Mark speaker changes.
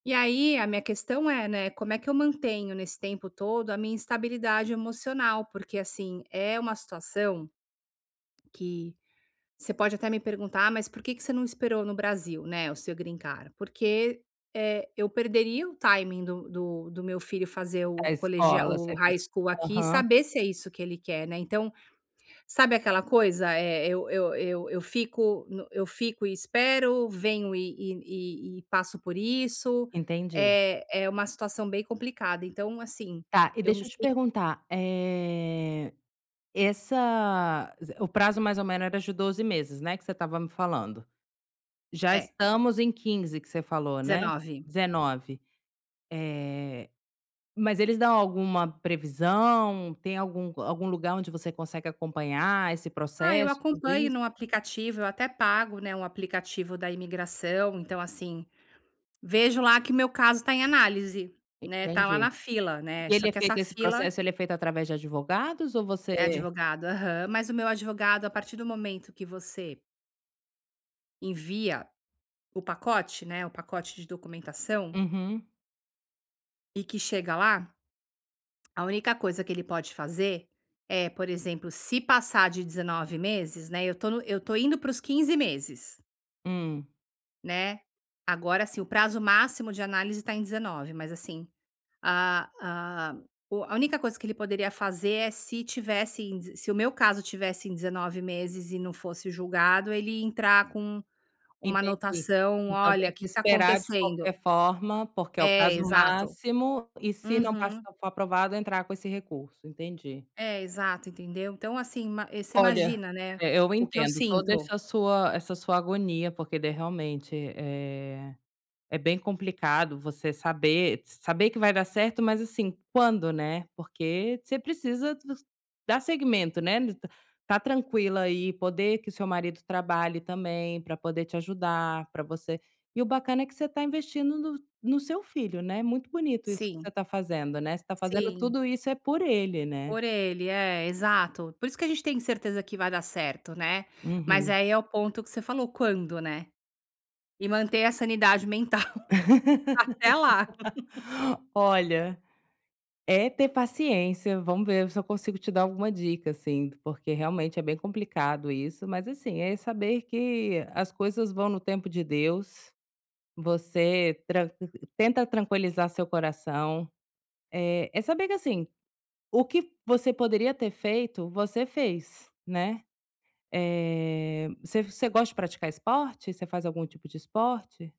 Speaker 1: E aí, a minha questão é, né, como é que eu mantenho, nesse tempo todo, a minha instabilidade emocional, porque assim, é uma situação que você pode até me perguntar: "Ah, mas por que você não esperou no Brasil, né, o seu green card?", porque, eh, eu perderia o timing do do do meu filho fazer
Speaker 2: A
Speaker 1: o colegial,
Speaker 2: escola,
Speaker 1: o
Speaker 2: você quis
Speaker 1: High School aqui, e
Speaker 2: aham.
Speaker 1: saber se é isso que ele quer, né, então, sabe aquela coisa, eh, eu eu eu eu fico no eu fico e espero, venho e e e e passo por isso.
Speaker 2: Entendi.
Speaker 1: É é uma situação bem complicada, então assim,
Speaker 2: Tá, e
Speaker 1: eu me
Speaker 2: deixa eu
Speaker 1: si
Speaker 2: te perguntar, eh, essa o prazo, mais ou menos, era de 12 meses, né, que você estava me falando. Já
Speaker 1: É.
Speaker 2: estamos em 15, que você falou, né.
Speaker 1: 19.
Speaker 2: 19. Eh, mas eles dão alguma previsão? Tem algum hã, algum lugar onde você consegue esse
Speaker 1: Ah, eu
Speaker 2: processo, tudo
Speaker 1: acompanho
Speaker 2: isso?
Speaker 1: no aplicativo, eu até pago, né, um aplicativo da imigração, então assim, vejo lá que o meu caso está em análise, né, está lá na
Speaker 2: Entendi.
Speaker 1: fila, né,
Speaker 2: E
Speaker 1: só
Speaker 2: ele é
Speaker 1: que essa
Speaker 2: feito, esse
Speaker 1: fila
Speaker 2: processo, ele é feito através de advogados, ou
Speaker 1: É
Speaker 2: você
Speaker 1: advogado, aham. Mas o meu advogado, a partir do momento que você envia o pacote, né, o pacote de documentação
Speaker 2: Uhum.
Speaker 1: e que chega lá a única coisa que ele pode fazer é, por exemplo, se passar de 19 meses, né, eu estou no eu estou indo para os 15 meses
Speaker 2: Hum.
Speaker 1: né, agora assim, o prazo máximo de análise está em 19, mas assim, a a o a única coisa que ele poderia fazer, é se tivesse em d se o meu caso tivesse em 19 meses e não fosse julgado, ele ia entrar com uma
Speaker 2: Entendi.
Speaker 1: anotação:
Speaker 2: Então
Speaker 1: "Olha,
Speaker 2: tem
Speaker 1: o
Speaker 2: que
Speaker 1: que está
Speaker 2: esperar, de
Speaker 1: acontecendo?".
Speaker 2: qualquer forma, porque é o
Speaker 1: É,
Speaker 2: prazo
Speaker 1: exato.
Speaker 2: máximo, e se não
Speaker 1: Uhum.
Speaker 2: passar, for aprovado, entrar com esse recurso. Entendi.
Speaker 1: É, exato, entendeu. Então assim, ma você
Speaker 2: Olha,
Speaker 1: imagina, né,
Speaker 2: eh, eu
Speaker 1: o que eu
Speaker 2: entendo toda
Speaker 1: sinto.
Speaker 2: essa sua essa sua agonia, porque daí, realmente, eh, é bem complicado você saber s saber que vai dar certo, mas assim, quando, né, porque você precisa dos dar segmento, né, ta estar tranquila aí, poder que o seu marido trabalhe também, para poder te ajudar, para você e o bacana é que você está investindo no no seu filho, né, muito bonito isso que você
Speaker 1: Sim.
Speaker 2: está fazendo, né, você está fazendo
Speaker 1: Sim.
Speaker 2: tudo isso é por ele, né.
Speaker 1: Por ele, é, exato. Por isso que a gente tem certeza que vai dar certo, né. Mas
Speaker 2: Uhum.
Speaker 1: aí é o ponto que você falou: "Quando?", né, e manter a sanidade mental, até lá.
Speaker 2: Olha, é ter paciência, vamos ver se eu consigo te dar alguma dica, assim, porque realmente, é bem complicado isso, mas assim, é saber que as coisas vão no tempo de Deus. Você tranq tenta tranquilizar seu coração. Eh, é saber que assim, o que você poderia ter feito, você fez, né. Eh, você você gosta de praticar esporte? Você faz algum tipo de esporte?